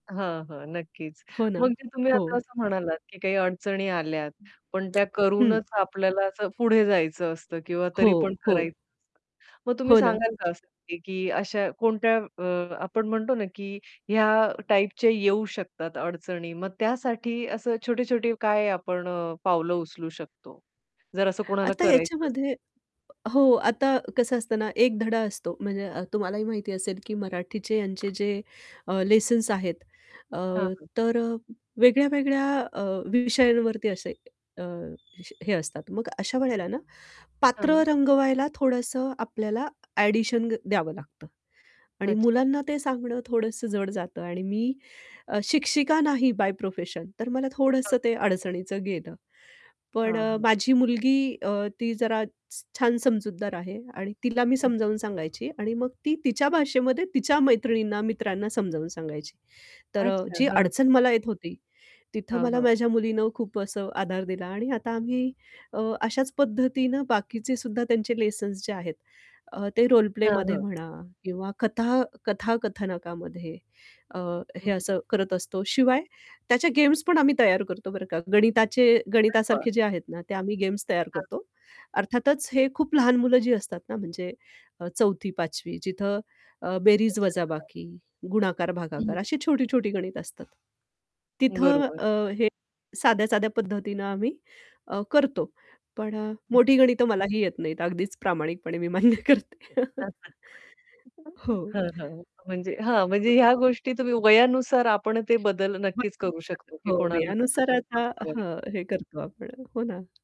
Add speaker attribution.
Speaker 1: हां, हां. नक्कीच.
Speaker 2: हो ना.
Speaker 1: मग तुम्ही आता
Speaker 2: हो.
Speaker 1: असं म्हणालात, की काही अडचणी आल्यात, पण त्या
Speaker 2: हं.
Speaker 1: करूनच आपल्याला असं पुढे जायचं असतं किंवा
Speaker 2: हो,
Speaker 1: तरी पण
Speaker 2: हो.
Speaker 1: करायचं असतं. मग तुम्ही
Speaker 2: हो ना.
Speaker 1: सांगाल का असं, की अशा कोणत्या अ, आपण म्हणतो ना, की ह्या टाइपचे येऊ शकतात अडचणी. मग त्यासाठी असं छोटे-छोटे काय आपण अ, पावलं उचलू शकतो? जर असं कोणाला
Speaker 2: आता
Speaker 1: करायचं असेल.
Speaker 2: याच्यामध्ये हो, आता कसं असतं ना एक धडा असतो म्हणजे अ, तुम्हालाही माहिती असेल, की मराठीचे यांचे जे अ, लेसन्स आहेत. अ,
Speaker 1: हां, हां.
Speaker 2: तर अ, वेगळ्या, वेगळ्या अ, विषयांवरती असे अ, विष हे असतात मग अशा वेळेला ना
Speaker 1: हां,
Speaker 2: पात्र
Speaker 1: हां.
Speaker 2: रंगवायला थोडंसं आपल्याला एडिशन द्यावं लागतं. आणि
Speaker 1: अच्छा.
Speaker 2: मुलांना ते सांगणं थोडंसं जड जातं आणि मी अ, शिक्षिका नाही बाय प्रोफेशन, तर मला
Speaker 1: हां.
Speaker 2: थोडंसं ते अडचणीचं गेलं. पण
Speaker 1: हां,
Speaker 2: अ,
Speaker 1: हां.
Speaker 2: माझी मुलगी अ, ती जरा छ छान समजूतदार आहे आणि तिला मी
Speaker 1: हं.
Speaker 2: समजावून सांगायची आणि मग ती तिच्या भाषेमध्ये तिच्या मैत्रिणींना, मित्रांना समजावून सांगायची. तर अ,
Speaker 1: अच्छा.
Speaker 2: जी
Speaker 1: हां.
Speaker 2: अडचण मला येत होती, तिथं
Speaker 1: हां,
Speaker 2: मला
Speaker 1: हां.
Speaker 2: माझ्या मुलीनं खूप असं आधार दिला आणि आता आम्ही अ, अशाच पद्धतीनं बाकीचे सुद्धा त्यांचे लेसन्स जे आहेत. अ, ते रोल
Speaker 1: हां,
Speaker 2: प्लेमध्ये
Speaker 1: हां.
Speaker 2: म्हणा किंवा कथा कथाकथनकामध्ये अ,
Speaker 1: हं,
Speaker 2: हे
Speaker 1: हं.
Speaker 2: असं करत असतो. शिवाय त्याच्या गेम्स पण आम्ही तयार करतो, बरं का गणिताचे
Speaker 1: [unintelligible]
Speaker 2: गणितासारखे जे आहेत ना ते आम्ही गेम्स तयार
Speaker 1: हां.
Speaker 2: करतो. अर्थातच हे खूप लहान मुलं जी असतात ना, म्हणजे अ, 4थी-5वी जिथं अ, बेरीज
Speaker 1: [unintelligible]
Speaker 2: वजाबाकी, गुणाकार भागाकार
Speaker 1: [unintelligible]
Speaker 2: अशी छोटी-छोटी गणित असतात. तिथं
Speaker 1: बरोबर.
Speaker 2: अ, हे साध्या-साध्या पद्धतीनं आम्ही अ, करतो. पण अ,
Speaker 1: हं.
Speaker 2: मोठी गणितं मलाही येत नाहीत. अगदीच प्रामाणिकपणे मी मान्य करते. हं.
Speaker 1: [unintelligible]
Speaker 2: हो.
Speaker 1: हां, हां. म्हणजे हां. म्हणजे
Speaker 2: [unintelligible]
Speaker 1: ह्या गोष्टी तुम्ही वयानुसार आपण ते बदल नक्कीच करू
Speaker 2: [unintelligible]
Speaker 1: शकतो, की
Speaker 2: हो.
Speaker 1: कोणाला कसं
Speaker 2: वयानुसार आता
Speaker 1: समजवायचं.
Speaker 2: हं. हे करतो आपण. हो ना.